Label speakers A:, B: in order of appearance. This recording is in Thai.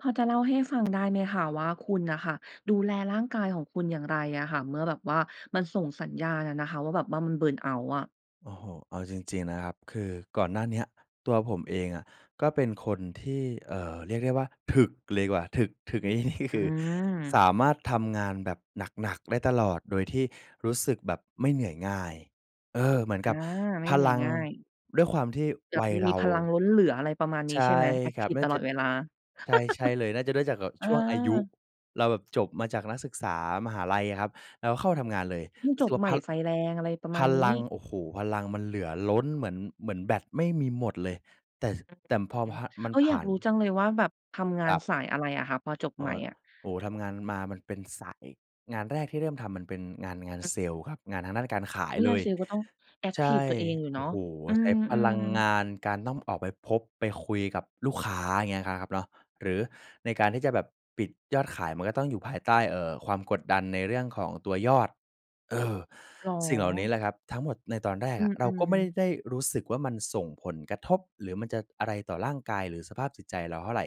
A: พอจะเล่าให้ฟังได้ไหมคะว่า คุณน่ะค่ะดูแลร่างกายของคุณอย่างไรอะค่ะ เมื่อแบบว่ามันส่งสัญญาณอะนะคะว่าแบบว่ามัน เบิร์นเอาต์ อะ?
B: โอ้โฮ เอาจริง ๆ นะครับ คือก่อนหน้าเนี้ยตัวผมเองอะก็เป็นคนที่ เอ่อ เรียกได้ว่าถึกเลยดีกว่า ถึก ถึก ในที่นี้
A: อ
B: คือ ส
A: ืม
B: ามารถทำงานแบบหนัก ๆ ได้ตลอด โดยที่รู้สึกแบบไม่เหนื่อยง่าย เออ เหมือน
A: อ
B: ก
A: า
B: ับ
A: ไม่
B: พ
A: เหนื่
B: ล
A: อย
B: ัง
A: ง่าย
B: ด้วยความที่
A: แบ
B: ว
A: บ
B: ัยเ
A: ม
B: ร
A: ี
B: า
A: พลังล้นเหลือ อะไรประมาณน
B: ใ
A: ี้
B: ช
A: ใช่
B: ่
A: ไหม? แอ็ก
B: คร
A: ท
B: ั
A: ิ
B: บ
A: ฟ
B: น่
A: ต
B: าจ
A: ลอ
B: ะ
A: ดเวลา
B: ใช่ ใช่เลย น่าจะได้จากแบบ
A: เออ
B: ช่วงอายุ เราแบบจบมาจากนักศึกษามหาลัยอะครับ เราก็เข้าทำงานเลย
A: เพิ่ง
B: รู้
A: จ
B: สึก
A: บ
B: ว่
A: ใ
B: า
A: หม
B: พ
A: ่ไฟแรง อะไรประ
B: พ
A: มาณน
B: ล
A: ี้
B: ัง โอ้โฮ พลังมันเหลือล้นเหมือน เหมือนแบตไม่มีหมดเลย แต่ แต่
A: อ
B: พ
A: ือ
B: อ พ มัน
A: เออ
B: ผ
A: อย
B: ่
A: า
B: า
A: ก
B: น
A: รู้จังเลยว่าแบบ ทำง
B: ค
A: า
B: ร
A: น
B: ับ
A: สายอะไรอะคะ พอจบ
B: โอ
A: ใหม่อะ?
B: โอ้โฮ ทำงานมามันเป็นสาย งานแรกที่เริ่มทำมันเป็นงาน งาน
A: อือ
B: เซลส์ครับ งานทางด้านการขา
A: อ
B: ย
A: ุ๊ย
B: เล
A: งาน
B: ย
A: เซลส์ก็ต้องแอ็ก
B: ใช
A: ทิ
B: ่
A: ฟตัวเองอยู่
B: โ
A: เ
B: อ
A: นา
B: ้
A: ะ
B: โฮ
A: อื
B: ใช้พลั
A: ม
B: งง
A: ๆ
B: าน การต้องออกไปพบไปคุยกับลูกค้า อย่างเงี้ยนะครับเนาะ หรือในการที่จะแบบปิดยอดขาย มันก็ต้องอยู่ภายใต้ เอ่อ ความกดดันในเรื่องของตัวยอด เออ
A: เหร
B: สิ่งเหล่านี้
A: อ
B: แหละครับ ทั้งหมดในตอนแรก
A: อื
B: อะ เราก
A: ม
B: ็ไม่
A: ๆ
B: ได้รู้สึกว่า มันส่งผลกระทบ หรือมันจะอะไรต่อร่างกาย หรือสภาพจิตใจเราเท่าไร